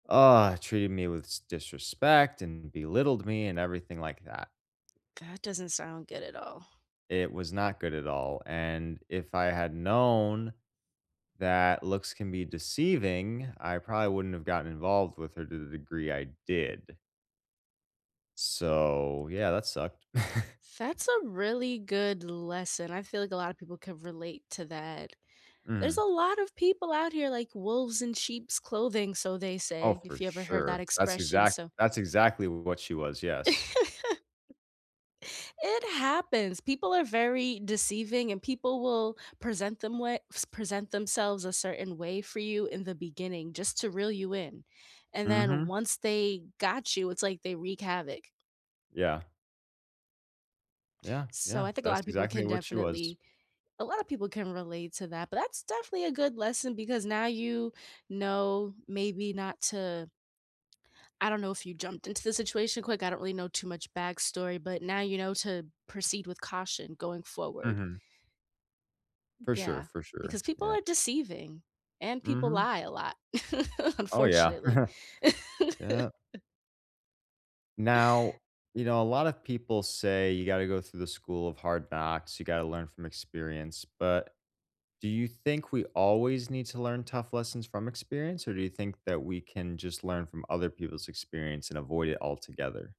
Uh, treated me with s disrespect and belittled me and everything like that. That doesn't sound good at all. It was not good at all, and if I had known that looks can be deceiving, I probably wouldn't have gotten involved with her to the degree I did. So, yeah, that sucked. That's a really good lesson. I feel like a lotta people could relate to that. There's Mhm. a lot of people out here like wolves in sheep's clothing, so they Oh, say, for if you ever heard that sure. That's expression, exact so that's exactly what she was, yes. It happens, people are very deceiving and people will present them way s present themselves a certain way for you in the beginning just to reel you in, and then Mhm. once they got you, it's like they wreak havoc. Yeah. Yeah, So yeah, I think a that's lotta people can exactly what she was. definitely a lotta people can relate to that, but that's definitely a good lesson because now you know, maybe not to I don't know if you jumped into the situation quick, I don't really know too much backstory, but now you know to proceed with caution going forward. Mhm. For sure, Yeah, for sure. because people Yeah. are deceiving and people Mhm. lie a lot, Oh yeah. unfortunately. Yep. Now, you know, a lot of people say you gotta go through the school of hard knocks, you gotta learn from experience, but do you think we always need to learn tough lessons from experience, or do you think that we can just learn from other people's experience and avoid it altogether?